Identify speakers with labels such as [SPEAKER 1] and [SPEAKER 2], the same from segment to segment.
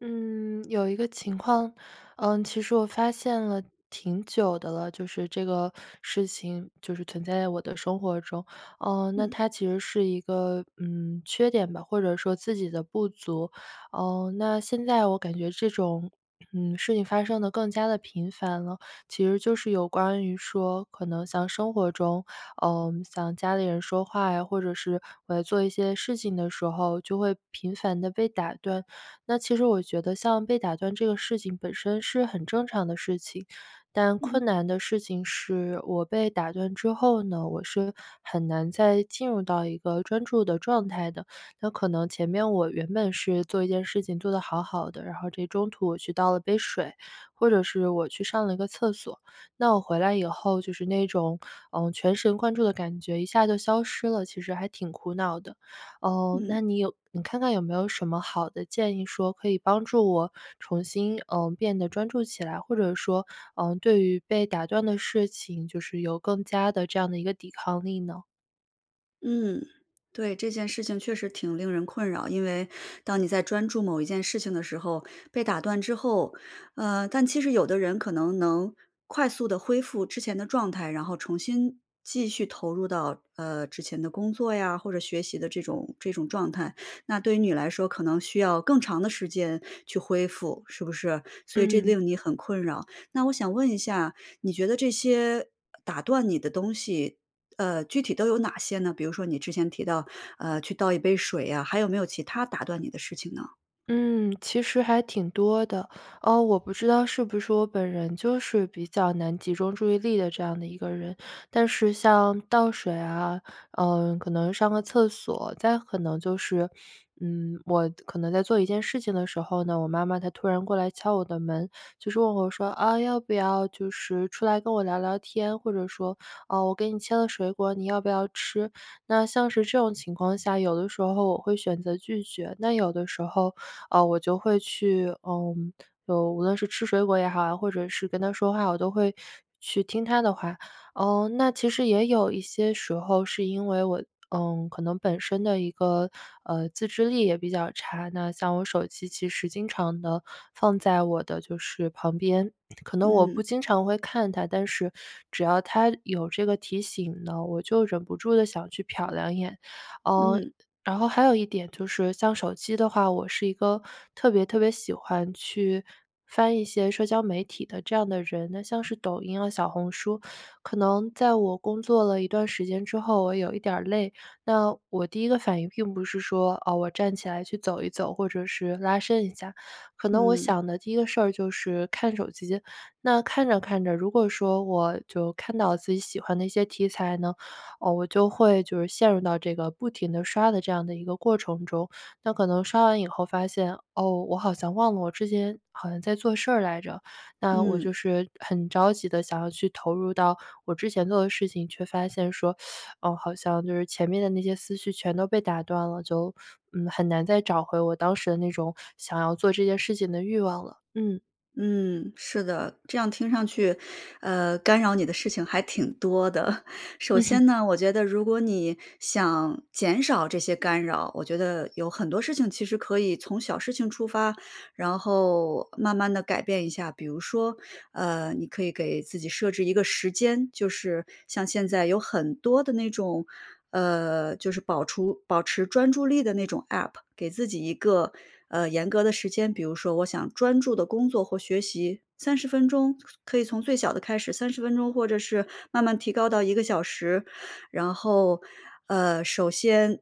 [SPEAKER 1] 嗯，有一个情况，呃，其实我发现了挺久的了，就是这个事情就是存在在我的生活中，呃，那
[SPEAKER 2] 嗯。
[SPEAKER 1] 它其实是一个嗯，缺点吧，或者说自己的不足。呃，那现在我感觉这种嗯，事情发生得更加地频繁了，其实就是有关于说，可能像生活中，嗯，像家里人说话，或者是我在做一些事情的时候，就会频繁地被打断。那其实我觉得像被打断这个事情本身是很正常的事情，但
[SPEAKER 2] 嗯。
[SPEAKER 1] 困难的事情是我被打断之后呢，我是很难再进入到一个专注的状态的，那可能前面我原本是做一件事情做得好好的，然后这中途我去倒了杯水，或者是我去上了一个厕所，那我回来以后就是那种，呃，全神贯注的感觉一下就消失了，其实还挺苦恼的。呃，
[SPEAKER 2] 嗯。
[SPEAKER 1] 那你有你看看有没有什么好的建议说，可以帮助我，重新呃，变得专注起来，或者说，呃，对于被打断的事情，就是有更佳的这样的一个抵抗力呢？
[SPEAKER 2] 嗯，对，这件事情确实挺令人困扰。因为当你在专注某一件事情的时候，被打断之后呃，但其实有的人可能能快速地恢复之前的状态，然后重新继续投入到，呃，之前的工作呀，或者学习的这种这种状态。那对于你来说可能需要更长的时间去恢复，是不是？所以这
[SPEAKER 1] 嗯。
[SPEAKER 2] 令你很困扰。那我想问一下，你觉得这些，呃，打断你的东西，呃，具体都有哪些呢？比如说你之前提到，呃，去倒一杯水啊，还有没有其它打断你的事情呢？
[SPEAKER 1] 嗯，其实还挺多的。呃，我不知道是不是我本人就是比较难集中注意力的这样的一个人。但是像倒水啊，呃，可能上个厕所，再可能就是，嗯，我可能在做一件事情的时候呢，我妈妈她突然过来敲我的门，就是问我说：“啊，要不要就是出来跟我聊聊天？”或者说：“哦，我给你切了水果，你要不要吃？”那像是这种情况下，有的时候我会选择拒绝，那有的时候，呃，我就会去，呃，嗯，无论是吃水果也好呀，或者是跟她说话，我都会去听她的话。呃，那其实也有一些时候是因为我嗯，可能本身的一个，呃，自制力也比较差。那像我手机其实经常地放在我的就是旁边，可能我
[SPEAKER 2] 嗯。
[SPEAKER 1] 不经常会看它，但是只要它有这个提醒呢，我就忍不住地想去瞟两眼。哦，
[SPEAKER 2] 嗯。
[SPEAKER 1] 然后还有一点就是像手机的话，我是一个特别特别喜欢去翻一些社交媒体的这样的人，那像是抖音啊、小红书。可能在我工作了一段时间之后，我有一点儿累，那我第一个反应并不是说，哦，我站起来去走一走，或者是拉伸一下，可能我
[SPEAKER 2] 嗯。
[SPEAKER 1] 想的第一个事儿就是看手机。那看着看着，如果说我就看到自己喜欢的一些题材呢，呃，我就会就是陷入到这个不停地刷的这样的一个过程中。那可能刷完以后发现，哦，我好像忘了我之前好像在做事儿来着。那我
[SPEAKER 2] 嗯。
[SPEAKER 1] 就是很着急地想要去投入到我之前做的事情，却发现说，哦，好像就是前面的那些思绪全都被打断了，就，嗯，很难再找回我当时的那种想要做这件事情的欲望了。嗯。
[SPEAKER 2] 嗯，是的，这样听上去，呃，干扰你的事情还挺多的。首
[SPEAKER 1] 嗯哼。
[SPEAKER 2] 先呢，我觉得如果你想减少这些干扰，我觉得有很多事情其实可以从小事情出发，然后慢慢地改变一下。比如说，呃，你可以给自己设置一个时间，就是像现在有很多地那种呃，就是保除保持专注力的那种 APP，给自己一个，呃，严格的时间，比如说我想专注地工作或学习30分钟，可以从最小的开始，30分钟，或者是慢慢提高到1个小时。然后，啊，首先，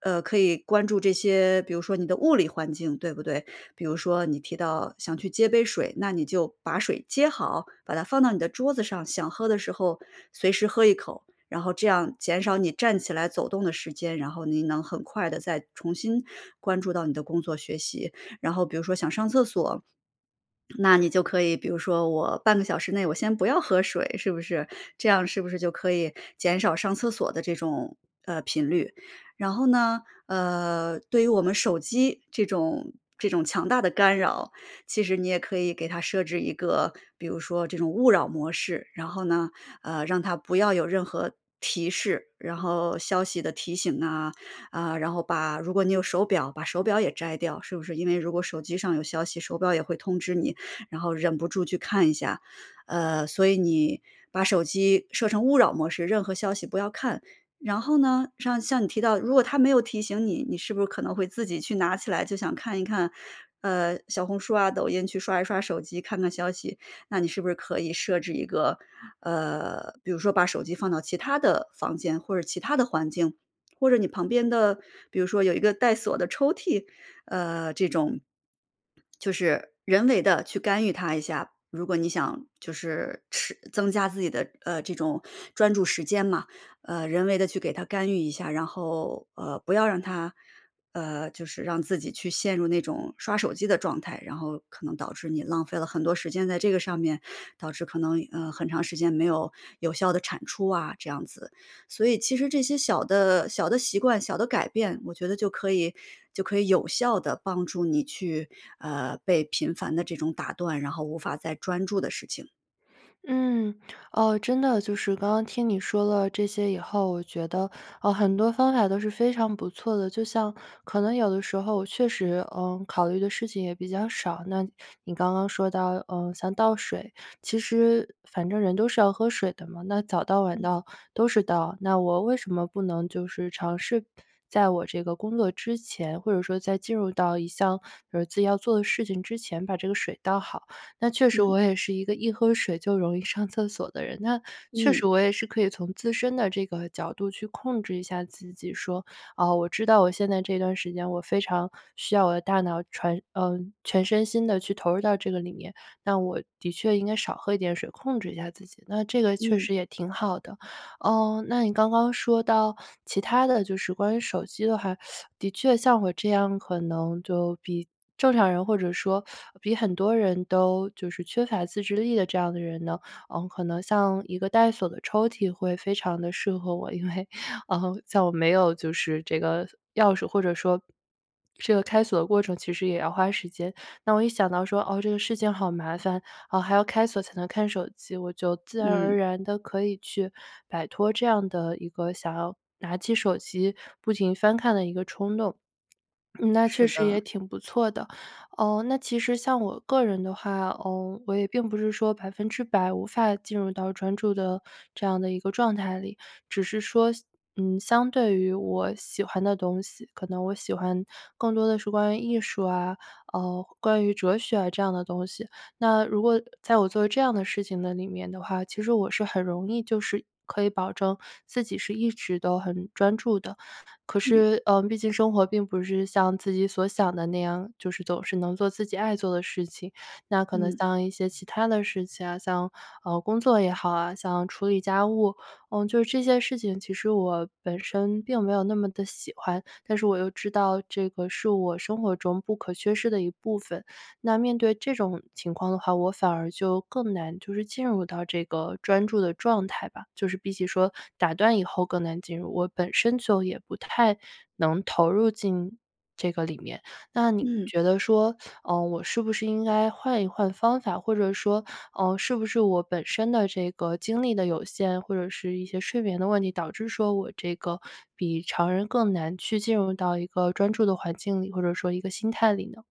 [SPEAKER 2] 呃，可以关注这些比如说你的物理环境，对不对？比如说你提到想去接杯水，那你就把水接好，把它放到你的桌子上，想喝的时候随时喝一口，然后这样减少你站起来走动的时间，然后你能很快地再重新关注到你的工作学习。然后比如说想上厕所，那你就可以比如说我半个小时内我先不要喝水，是不是？这样是不是就可以减少上厕所的这种，呃，频率。然后呢，呃，对于我们手机这种这种强大的干扰，其实你也可以给它设置一个比如说这种勿扰模式，然后呢，呃，让它不要有任何提示，然后消息的提醒呐，啊，然后把如果你有手表，把手表也摘掉，是不是？因为如果手机上有消息，手表也会通知你，然后忍不住去看一下。呃，所以你把手机设成勿扰模式，任何消息不要看。然后呢，像像你提到，如果它没有提醒你，你是不是可能会自己去拿起来想看一看，呃，小红书啊、抖音，去刷一刷手机，看看消息，那你是不是可以设置一个呃，比如说把手机放到其他的房间或者其他的环境，或者你旁边的比如说有一个带锁的抽屉，呃，这种 就是人为地去干预它一下。如果你想就是持增加自己的，呃，这种专注时间嘛，呃，人为地去给它干预一下然后，呃，不要让它呃，就是让自己去陷入那种刷手机的状态，然后可能导致你浪费了很多时间在这个上面，导致可能，呃，很长时间没有有效的产出啊，这样子。所以其实这些小的小的习惯、小的改变，我觉得就可以就可以有效地帮助你去，呃，被频繁地这种打断、然后无法再专注的事情。
[SPEAKER 1] 嗯。哦，真的就是刚刚听你说了这些以后，我觉得，呃，很多方法都是非常不错的。就像可能有的时候确实，呃，考虑的事情也比较少，那你刚刚说到，呃，像倒水。其实反正人都是要喝水的嘛，那早倒晚
[SPEAKER 2] 嗯。
[SPEAKER 1] 倒都是倒，那我为什么不能就是尝试在我这个工作之前，或者说在进入到一项，呃，自己要做的事情之前把这个水倒好。那确实
[SPEAKER 2] 嗯。
[SPEAKER 1] 我也是一个一喝水就容易上厕所的人，那确
[SPEAKER 2] 嗯。
[SPEAKER 1] 实我也是可以从自身的这个角度去控制一下自己说：“哦，我知道我现在这段时间我非常需要我的大脑船呃，全身心地去投入到这个里面，那我的确应该少喝一点水、控制一下自己。”那这个确
[SPEAKER 2] 嗯。
[SPEAKER 1] 实也挺好的。呃，那你刚刚说到其他的就是关于手机的话，的确像我这样可能就比正常人、或者说 比很多人都就是缺乏自制力的这样的人呢，呃，可能像一个带锁的抽屉会非常地适合我。因为，呃，在我没有就是这个钥匙，或者说，这个开锁的过程其实也要花时间，那我一想到说：“啊，这个事情好麻烦，啊，还要开锁才能看手机。”我就自然而
[SPEAKER 2] 嗯。
[SPEAKER 1] 然地可以去摆脱这样的一个想要拿起手机不停翻看的一个冲动，那确
[SPEAKER 2] 是
[SPEAKER 1] 实也
[SPEAKER 2] 的。
[SPEAKER 1] 挺不错的。呃，那其实像我个人的话，呃，我也并不是说100%无法进入到专注的这样的一个状态里，只是说西嗯，相对于我喜欢的东西，可能我喜欢更多地是关于艺术啊，啊，关于哲学这样的东西。那如果在我做这样地事情的里面的话，其实我是很容易就是可以保证自己是一直都很专注的。可
[SPEAKER 2] 嗯。
[SPEAKER 1] 是，呃，毕竟生活并不是像自己所想的那样，就是总是能做自己爱做的事情。那可能
[SPEAKER 2] 嗯。
[SPEAKER 1] 像一些其他的事情啊，像，啊，工作也好啊、像处理家务。呃，就这些事情其实我本身并没有那么地喜欢，但是我又知道这个是我生活中不可缺失的一部分。那面对这种情况的话，我反而就更难就是进入到这个专注的状态吧。就是比起说被打断以后更难进入，我本身就也不太能投入进这个里面。那你
[SPEAKER 2] 嗯。
[SPEAKER 1] 觉得说，呃，我是不是应该换一换方法，或者说，呃，是不是我本身的这个精力的有限，或者是一些睡眠的问题，导致说我这个 比常人更难去进入到一个专注的环境里或者说一个心态里呢？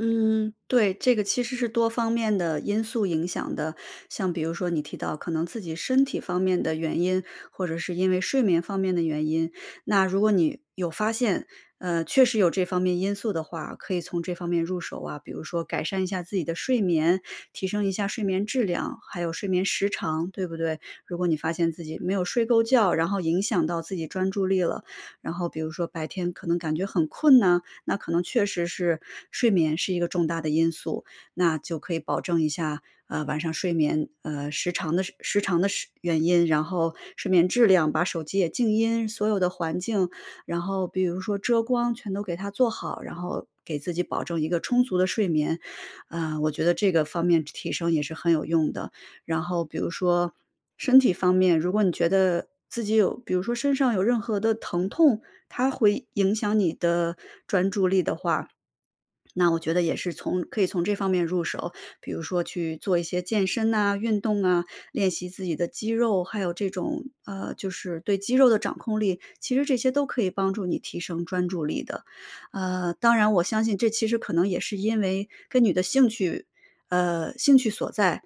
[SPEAKER 2] 嗯，对，这个其实是多方面的因素影响的。像比如说你提到，可能自己身体方面的原因，或者是因为睡眠方面的原因，那如果你有发现，呃，确实有这方面因素的话，可以从这方面入手啊。比如说改善一下自己的睡眠，提升一下睡眠质量，还有睡眠时长，对不对？如果你发现自己没有睡够觉，然后影响到自己专注力了。然后比如说白天可能感觉很困呐，那可能确实是睡眠是一个重大的因素。那就可以保证一下，啊，晚上睡眠，呃，时长的时长的时原因，然后睡眠质量把手机也静音，所有的环境然后比如说遮光，全都给它做好。然后给自己保证一个充足的睡眠，啊，我觉得这个方面提提升也是很有用的。然后比如说身体方面，如果你觉得自己有比如说身上有任何的疼痛，它会影响你的专注力的话，那我觉得也是从可以从这方面入手。比如说去做一些健身呐、运动啊，练习自己的肌肉，还有这种，呃，就是对肌肉的掌控力，其实这些都可以帮助你提升专注力的。呃，当然我相信这其实可能也是因为跟你的兴趣呃，兴趣所在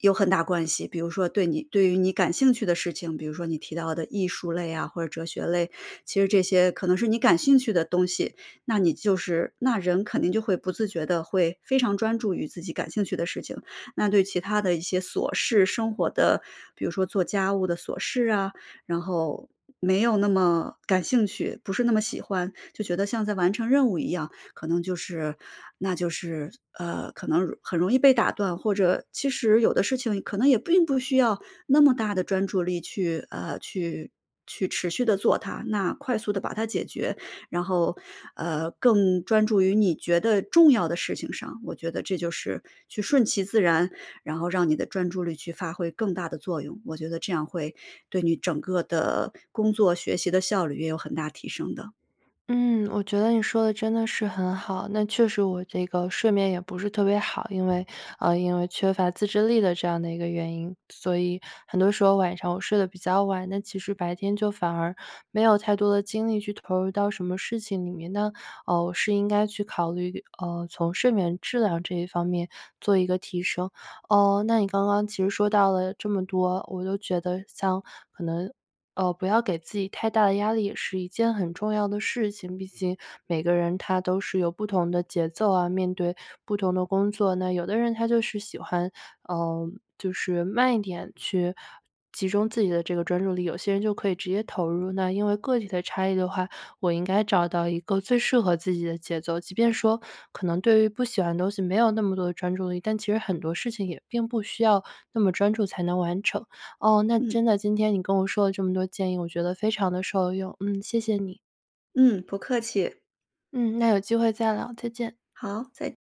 [SPEAKER 2] 有很大关系。比如说对你对于你感兴趣的事情，比如说你提到的艺术类啊、或者哲学类，其实这些可能是你感兴趣的东西，那你就是那人肯定就会不自觉地会非常专注于自己感兴趣的事情，那对其他的一些琐事，生活的比如说做家务的琐事啊，然后，没有那么感兴趣，不是那么喜欢，就觉得像在完成任务一样。可能就是那就是，呃，可能容很容易被打断，或者其实有的事情可能也并不需要那么大的专注力去呃，去去持续地做它。那快速地把它解决，然后，呃，更专注于你觉得重要的事情上，我觉得这就是去顺其自然，然后让你的专注力去发挥更大的作用。我觉得这样会对你整个的工作、学习的效率也有很大提升的。
[SPEAKER 1] 嗯，我觉得你说得真的是很好。那确实我这个睡眠也不是特别好，因为呃，因为缺乏自制力的这样的一个原因，所以很多时候晚上我睡得比较晚，那其实白天就反而没有太多的精力去投入到什么事情里面，那，呃，我是应该去考虑，呃，从睡眠质量这一方面做一个提升。呃，那你刚刚其实说到了这么多，我都觉得像可能，呃，不要给自己太大的压力，也是一件很重要的事情。毕竟每个人他都是有不同的节奏啊，面对不同的工作，那有的人他就是喜欢，呃，就是慢一点去集中自己的这个专注力，有些人就可以直接投入。那因为个体的差异的话，我应该找到一个最适合自己的节奏。即便说可能对于不喜欢的东西没有那么多的专注力，但其实很多事情也并不需要那么专注才能完成。哦，那
[SPEAKER 2] 嗯。
[SPEAKER 1] 真的今天你跟我说了这么多建议，我觉得非常地受用。嗯，谢谢你。
[SPEAKER 2] 嗯，不客气。
[SPEAKER 1] 嗯，那有机会再聊。再见。
[SPEAKER 2] 好，再